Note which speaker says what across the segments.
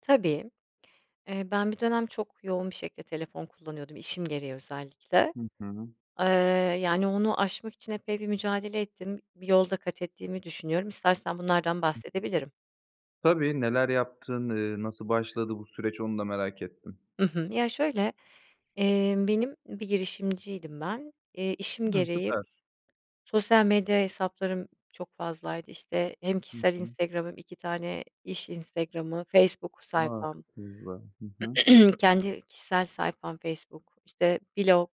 Speaker 1: Tabii, eee, ben bir dönem çok yoğun bir şekilde telefon kullanıyordum, işim gereği özellikle.
Speaker 2: Hı hı.
Speaker 1: Eee, yani, onu aşmak için epey bir mücadele ettim, bir yol da kat ettiğimi düşünüyorum. İstersen bunlardan
Speaker 2: Hı hı.
Speaker 1: bahsedebilirim.
Speaker 2: Tabii, neler yaptın, eee, nasıl başladı bu süreç onu da merak ettim.
Speaker 1: Hı hı. Ya şöyle, emm, benim bir girişimciydim ben, eee, işim
Speaker 2: Hımm.
Speaker 1: gereği
Speaker 2: Süper.
Speaker 1: sosyal medya hesaplarım çok fazlaydı işte hem
Speaker 2: Hı
Speaker 1: kişisel
Speaker 2: hı.
Speaker 1: Instagram hem 2 tane iş Instagram'ı, Facebook
Speaker 2: A!
Speaker 1: sayfam.
Speaker 2: Çok iyi [unintelligible] hı hı.
Speaker 1: Kendi kişisel sayfam Facebook, işte blog.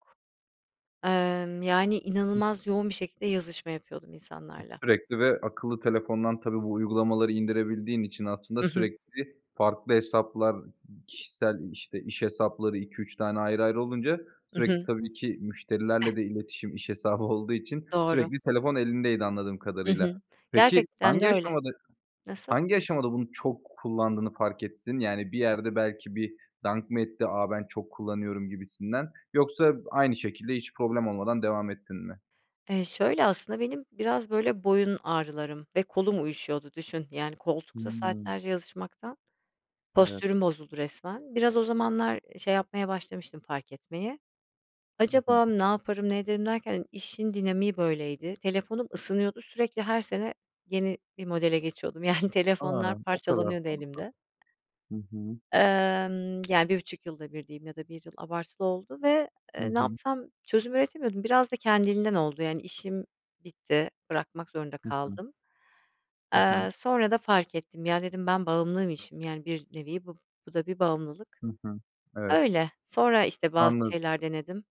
Speaker 1: Emm, yani,
Speaker 2: Hıh.
Speaker 1: inanılmaz yoğun bir şekilde yazışma yapıyordum
Speaker 2: E
Speaker 1: insanlarla.
Speaker 2: sürekli ve akıllı telefondan tabii bu uygulamaları indirebildiğin için aslında
Speaker 1: Hı hı.
Speaker 2: sürekli farklı hesaplar, kişisel işte iş hesapları 2-3 tane ayrı ayrı olunca
Speaker 1: Hı
Speaker 2: sürekli
Speaker 1: hı.
Speaker 2: tabii ki müşterilerle de iletişim iş hesabı olduğu için
Speaker 1: Doğru.
Speaker 2: sürekli telefon elindeydi anladığım
Speaker 1: Hı hı.
Speaker 2: kadarıyla. Peki
Speaker 1: Gerçekten de
Speaker 2: hangi
Speaker 1: öyle.
Speaker 2: aşamada,
Speaker 1: Nasıl?
Speaker 2: hangi aşamada bunu çok kullandığını fark ettin? Yani bir yerde belki bir dank mı etti? A ben çok kullanıyorum gibisinden. Yoksa aynı şekilde hiç problem olmadan devam ettin mi?
Speaker 1: Eee, şöyle aslında benim biraz böyle boyun ağrılarım ve kolum uyuşuyordu düşün yani koltukta
Speaker 2: Hımm.
Speaker 1: saatlerce yazışmaktan
Speaker 2: Evet.
Speaker 1: postürüm bozuldu resmen. Biraz o zamanlar şey yapmaya başlamıştım fark etmeye.
Speaker 2: Hı hı.
Speaker 1: Acaba ne yaparım ne ederim derken hani işin dinamiği böyleydi. Telefonum ısınıyordu, sürekli her sene yeni bir modele geçiyordum. Yani
Speaker 2: A!
Speaker 1: telefonlar
Speaker 2: O kadar
Speaker 1: parçalanıyordu
Speaker 2: [unintelligible]
Speaker 1: elimde.
Speaker 2: hı hı.
Speaker 1: Emm, yani, 1,5 yılda 1 diyeyim ya da 1 yıl abartılı oldu ve,
Speaker 2: Hı
Speaker 1: eee, ne
Speaker 2: hı.
Speaker 1: yapsam çözüm üretemiyordum. Biraz da kendiliğinden oldu yani işim bitti, bırakmak zorunda
Speaker 2: Hı hı.
Speaker 1: kaldım.
Speaker 2: Hı hı.
Speaker 1: Eee, sonra da fark ettim, ya, dedim ben bağımlıymışım, yani bir nevi bu, bu da bir bağımlılık.
Speaker 2: Hı hı. Evet.
Speaker 1: Öyle, sonra işte bazı
Speaker 2: Anladım.
Speaker 1: şeyler denedim.